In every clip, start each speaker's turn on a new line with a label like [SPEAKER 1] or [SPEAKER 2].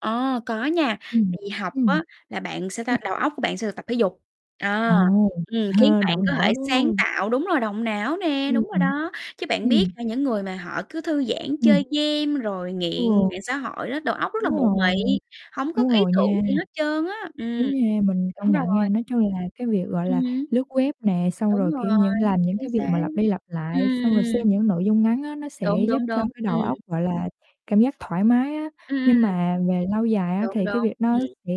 [SPEAKER 1] Ờ, có nha,
[SPEAKER 2] Ừm,
[SPEAKER 1] thì học
[SPEAKER 2] ừm.
[SPEAKER 1] á là bạn, sao
[SPEAKER 2] Ừm.
[SPEAKER 1] ta, đầu óc của bạn sẽ được tập thể dục,
[SPEAKER 2] Ồ
[SPEAKER 1] ờ, ừm, khiến bạn
[SPEAKER 2] động
[SPEAKER 1] có
[SPEAKER 2] não,
[SPEAKER 1] thể
[SPEAKER 2] đúng
[SPEAKER 1] sáng
[SPEAKER 2] không?
[SPEAKER 1] tạo đúng rồi, động não nè,
[SPEAKER 2] Ư,
[SPEAKER 1] đúng rồi
[SPEAKER 2] ừm.
[SPEAKER 1] đó. Chứ bạn biết
[SPEAKER 2] Ừm.
[SPEAKER 1] là những người mà họ cứ thư giãn
[SPEAKER 2] Ừm.
[SPEAKER 1] chơi game rồi nghiện
[SPEAKER 2] Ừ.
[SPEAKER 1] mạng xã hội đó, đầu óc rất
[SPEAKER 2] Đúng
[SPEAKER 1] là mụ
[SPEAKER 2] rồi,
[SPEAKER 1] mị, hông có
[SPEAKER 2] đúng
[SPEAKER 1] ý
[SPEAKER 2] rồi
[SPEAKER 1] tưởng
[SPEAKER 2] nha.
[SPEAKER 1] gì hết trơn á. Ừm,
[SPEAKER 2] Đúng nha, mình công
[SPEAKER 1] đúng
[SPEAKER 2] nhận nha,
[SPEAKER 1] rồi.
[SPEAKER 2] nói chung là cái việc, gọi
[SPEAKER 1] Ừm
[SPEAKER 2] là,
[SPEAKER 1] hứm.
[SPEAKER 2] lướt web nè, xong
[SPEAKER 1] Đúng
[SPEAKER 2] rồi, kiểu,
[SPEAKER 1] rồi,
[SPEAKER 2] những làm những
[SPEAKER 1] chính
[SPEAKER 2] cái việc
[SPEAKER 1] xác.
[SPEAKER 2] mà lặp đi lặp
[SPEAKER 1] Ừ,
[SPEAKER 2] lại, xong rồi xem
[SPEAKER 1] ừm.
[SPEAKER 2] những nội dung ngắn á nó sẽ
[SPEAKER 1] Đúng,
[SPEAKER 2] giúp
[SPEAKER 1] đúng,
[SPEAKER 2] cho
[SPEAKER 1] đúng,
[SPEAKER 2] cái
[SPEAKER 1] ừm.
[SPEAKER 2] đầu óc, gọi là, cảm giác thoải mái á.
[SPEAKER 1] Ừm,
[SPEAKER 2] Nhưng
[SPEAKER 1] ừm.
[SPEAKER 2] mà về lâu dài á
[SPEAKER 1] Đúng,
[SPEAKER 2] thì cái
[SPEAKER 1] đúng,
[SPEAKER 2] việc nó
[SPEAKER 1] ừm.
[SPEAKER 2] sẽ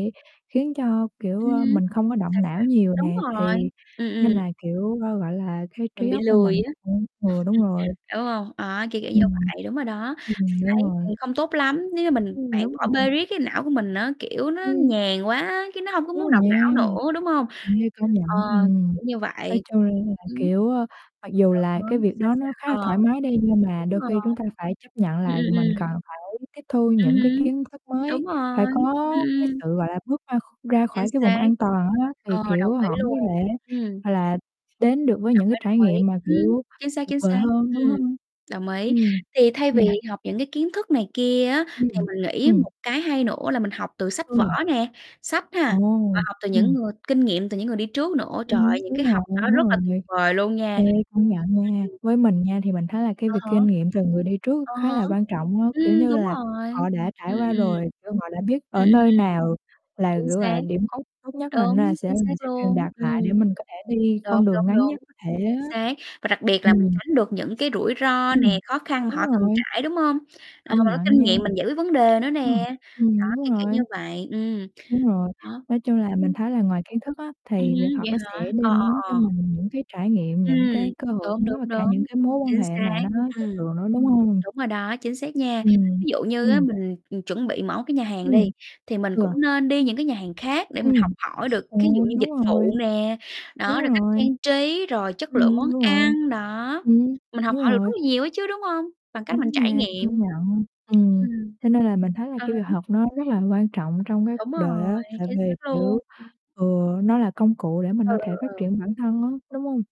[SPEAKER 2] khiến cho, kiểu,
[SPEAKER 1] Ừm
[SPEAKER 2] ơ,
[SPEAKER 1] hứm,
[SPEAKER 2] mình không có động
[SPEAKER 1] sao, sao?
[SPEAKER 2] não nhiều
[SPEAKER 1] Đúng
[SPEAKER 2] nè
[SPEAKER 1] rồi.
[SPEAKER 2] thì
[SPEAKER 1] Ừm, ừm.
[SPEAKER 2] nên là, kiểu, g gọi là, cái trí
[SPEAKER 1] Mình bị
[SPEAKER 2] óc của mình
[SPEAKER 1] lười
[SPEAKER 2] nó
[SPEAKER 1] á,
[SPEAKER 2] cũng Ừ, đúng rồi.
[SPEAKER 1] đúng hông? Đó, kiểu kiểu như
[SPEAKER 2] Ừm.
[SPEAKER 1] vậy, đúng rồi đó,
[SPEAKER 2] Ừm,
[SPEAKER 1] mình
[SPEAKER 2] đúng
[SPEAKER 1] thấy,
[SPEAKER 2] rồi.
[SPEAKER 1] ừm, không tốt lắm, nếu như mình
[SPEAKER 2] Ừm,
[SPEAKER 1] bạn
[SPEAKER 2] đúng
[SPEAKER 1] bỏ
[SPEAKER 2] rồi.
[SPEAKER 1] bê riết cái não của mình á, kiểu, nó
[SPEAKER 2] Ừm.
[SPEAKER 1] nhàn quá á, cái nó hông có
[SPEAKER 2] Đúng
[SPEAKER 1] muốn
[SPEAKER 2] rồi
[SPEAKER 1] động
[SPEAKER 2] nha.
[SPEAKER 1] não nữa, đúng hông?
[SPEAKER 2] Ê, công nhận.
[SPEAKER 1] Ờ,
[SPEAKER 2] Ừm,
[SPEAKER 1] kiểu như
[SPEAKER 2] nói
[SPEAKER 1] vậy.
[SPEAKER 2] chung là,
[SPEAKER 1] Ưm.
[SPEAKER 2] kiểu, ơ, mặc dù
[SPEAKER 1] À há,
[SPEAKER 2] là cái việc
[SPEAKER 1] sao,
[SPEAKER 2] đó nó khá là
[SPEAKER 1] sao? Ờ,
[SPEAKER 2] thoải mái đi nhưng mà
[SPEAKER 1] đúng
[SPEAKER 2] đôi
[SPEAKER 1] rồi.
[SPEAKER 2] khi chúng ta phải chấp nhận
[SPEAKER 1] Ừm,
[SPEAKER 2] là
[SPEAKER 1] ừm,
[SPEAKER 2] mình cần
[SPEAKER 1] ừm.
[SPEAKER 2] phải tiếp thu
[SPEAKER 1] Ừm
[SPEAKER 2] những cái
[SPEAKER 1] hứm,
[SPEAKER 2] kiến thức mới,
[SPEAKER 1] đúng
[SPEAKER 2] phải
[SPEAKER 1] rồi,
[SPEAKER 2] có
[SPEAKER 1] ừm,
[SPEAKER 2] cái
[SPEAKER 1] ừm.
[SPEAKER 2] sự, gọi là, bước ra kh ra
[SPEAKER 1] Chính
[SPEAKER 2] khỏi cái vùng
[SPEAKER 1] xác.
[SPEAKER 2] an toàn á, thì,
[SPEAKER 1] Ờ, đồng
[SPEAKER 2] kiểu,
[SPEAKER 1] ý
[SPEAKER 2] họ mới
[SPEAKER 1] luôn.
[SPEAKER 2] có thể,
[SPEAKER 1] Ừm.
[SPEAKER 2] gọi là, đến được với
[SPEAKER 1] Đồng
[SPEAKER 2] những cái
[SPEAKER 1] ý,
[SPEAKER 2] trải
[SPEAKER 1] đồng ý,
[SPEAKER 2] nghiệm mà,
[SPEAKER 1] ừm,
[SPEAKER 2] kiểu,
[SPEAKER 1] chính xác,
[SPEAKER 2] tuyệt
[SPEAKER 1] chính
[SPEAKER 2] vời
[SPEAKER 1] xác.
[SPEAKER 2] hơn, đúng
[SPEAKER 1] Ừm,
[SPEAKER 2] hông?
[SPEAKER 1] đồng ý.
[SPEAKER 2] Ừm,
[SPEAKER 1] Thì thay vì
[SPEAKER 2] ừm.
[SPEAKER 1] học những cái kiến thức này kia á
[SPEAKER 2] Ư,
[SPEAKER 1] thì
[SPEAKER 2] ừm,
[SPEAKER 1] mình nghĩ
[SPEAKER 2] ừm.
[SPEAKER 1] một cái hay nữa là mình học từ sách vở
[SPEAKER 2] Ừ.
[SPEAKER 1] nè, sách ha, và
[SPEAKER 2] Ồ,
[SPEAKER 1] học từ những
[SPEAKER 2] ừm.
[SPEAKER 1] người kinh nghiệm từ những người đi trước nữa,
[SPEAKER 2] Ừm
[SPEAKER 1] trời
[SPEAKER 2] hứm,
[SPEAKER 1] ơi, những
[SPEAKER 2] đúng
[SPEAKER 1] cái
[SPEAKER 2] rồi,
[SPEAKER 1] học đó
[SPEAKER 2] đúng
[SPEAKER 1] rất là tuyệt
[SPEAKER 2] rồi.
[SPEAKER 1] vời luôn nha.
[SPEAKER 2] Ê, công nhận nha,
[SPEAKER 1] Ừm.
[SPEAKER 2] với mình nha thì mình thấy là cái
[SPEAKER 1] À
[SPEAKER 2] việc
[SPEAKER 1] há.
[SPEAKER 2] kinh nghiệm từ người đi trước
[SPEAKER 1] À
[SPEAKER 2] khá
[SPEAKER 1] há,
[SPEAKER 2] là quan trọng á, kiểu
[SPEAKER 1] ừm,
[SPEAKER 2] như
[SPEAKER 1] đúng
[SPEAKER 2] là,
[SPEAKER 1] rồi.
[SPEAKER 2] họ đã trải
[SPEAKER 1] Ừm, ừm,
[SPEAKER 2] qua
[SPEAKER 1] ừm.
[SPEAKER 2] rồi, kiểu, họ đã biết
[SPEAKER 1] Ừm,
[SPEAKER 2] ở
[SPEAKER 1] ừm,
[SPEAKER 2] nơi nào là,
[SPEAKER 1] chính
[SPEAKER 2] kiểu, gọi
[SPEAKER 1] xác.
[SPEAKER 2] là, điểm cốt tốt nhất là nên
[SPEAKER 1] Đúng,
[SPEAKER 2] sẽ họ
[SPEAKER 1] chính xác
[SPEAKER 2] sẽ truyền
[SPEAKER 1] luôn,
[SPEAKER 2] đạt
[SPEAKER 1] ừm.
[SPEAKER 2] lại để mình có thể đi
[SPEAKER 1] Đúng,
[SPEAKER 2] con đường
[SPEAKER 1] đúng,
[SPEAKER 2] ngắn nhất
[SPEAKER 1] đúng,
[SPEAKER 2] có thể
[SPEAKER 1] chính
[SPEAKER 2] á.
[SPEAKER 1] xác, và đặc biệt là mình
[SPEAKER 2] Ừm.
[SPEAKER 1] tránh được những cái rủi ro nè,
[SPEAKER 2] Ừm,
[SPEAKER 1] khó khăn mà
[SPEAKER 2] đúng
[SPEAKER 1] họ từng
[SPEAKER 2] rồi.
[SPEAKER 1] trải, đúng hông? Ờ,
[SPEAKER 2] Công
[SPEAKER 1] mình có
[SPEAKER 2] nhận
[SPEAKER 1] kinh
[SPEAKER 2] nha.
[SPEAKER 1] nghiệm mình giải quyết vấn đề nữa
[SPEAKER 2] Ừm,
[SPEAKER 1] nè, đó,
[SPEAKER 2] ừm, đúng
[SPEAKER 1] kiểu, kiểu như
[SPEAKER 2] rồi.
[SPEAKER 1] vậy, ừm.
[SPEAKER 2] Đúng rồi,
[SPEAKER 1] Đó,
[SPEAKER 2] nói chung là mình
[SPEAKER 1] ưm.
[SPEAKER 2] thấy là ngoài kiến thức á
[SPEAKER 1] Ừm
[SPEAKER 2] thì việc
[SPEAKER 1] hưm,
[SPEAKER 2] học
[SPEAKER 1] vậy
[SPEAKER 2] nó sẽ
[SPEAKER 1] hả? Ờ,
[SPEAKER 2] đem đến
[SPEAKER 1] ờ,
[SPEAKER 2] cho
[SPEAKER 1] ờ.
[SPEAKER 2] mình những cái trải nghiệm, những
[SPEAKER 1] Ừm,
[SPEAKER 2] cái cơ hội
[SPEAKER 1] đúng, đúng,
[SPEAKER 2] mới và cả những
[SPEAKER 1] đúng,
[SPEAKER 2] cái mối quan
[SPEAKER 1] chính
[SPEAKER 2] hệ mà
[SPEAKER 1] xác,
[SPEAKER 2] nó chất
[SPEAKER 1] ừm.
[SPEAKER 2] lượng nữa, đúng hông?
[SPEAKER 1] Đúng rồi đó, chính xác nha,
[SPEAKER 2] Ừm,
[SPEAKER 1] ví dụ như á
[SPEAKER 2] ừm.
[SPEAKER 1] mình, ừ, chuẩn bị mở cái nhà hàng đi,
[SPEAKER 2] Ừm,
[SPEAKER 1] thì mình
[SPEAKER 2] ừ.
[SPEAKER 1] cũng nên đi những cái nhà hàng khác để mình học
[SPEAKER 2] Ừm,
[SPEAKER 1] hỏi được
[SPEAKER 2] ừ,
[SPEAKER 1] thí dụ như
[SPEAKER 2] đúng
[SPEAKER 1] dịch
[SPEAKER 2] rồi,
[SPEAKER 1] vụ nè, đó,
[SPEAKER 2] đúng
[SPEAKER 1] rồi cách
[SPEAKER 2] rồi.
[SPEAKER 1] trang trí, rồi chất lượng
[SPEAKER 2] Ừm,
[SPEAKER 1] món
[SPEAKER 2] đúng rồi.
[SPEAKER 1] ăn, đó,
[SPEAKER 2] Ừm,
[SPEAKER 1] mình học
[SPEAKER 2] đúng
[SPEAKER 1] hỏi được rất
[SPEAKER 2] rồi.
[SPEAKER 1] là nhiều ấy chứ, đúng hông? Bằng cách
[SPEAKER 2] Đúng
[SPEAKER 1] mình trải
[SPEAKER 2] nha,
[SPEAKER 1] nghiệm.
[SPEAKER 2] công nhận. Ừm,
[SPEAKER 1] Ừm.
[SPEAKER 2] cho nên là mình thấy là
[SPEAKER 1] À
[SPEAKER 2] cái việc
[SPEAKER 1] há.
[SPEAKER 2] học nó rất là quan trọng trong cái
[SPEAKER 1] Đúng
[SPEAKER 2] cuộc đời
[SPEAKER 1] rồi,
[SPEAKER 2] á, tại
[SPEAKER 1] chính
[SPEAKER 2] vì,
[SPEAKER 1] xác
[SPEAKER 2] kiểu,
[SPEAKER 1] luôn, ừm.
[SPEAKER 2] ừ, nó là công cụ để mình
[SPEAKER 1] Ừ,
[SPEAKER 2] có thể phát
[SPEAKER 1] ừ, ừ.
[SPEAKER 2] triển bản thân á, đúng hông?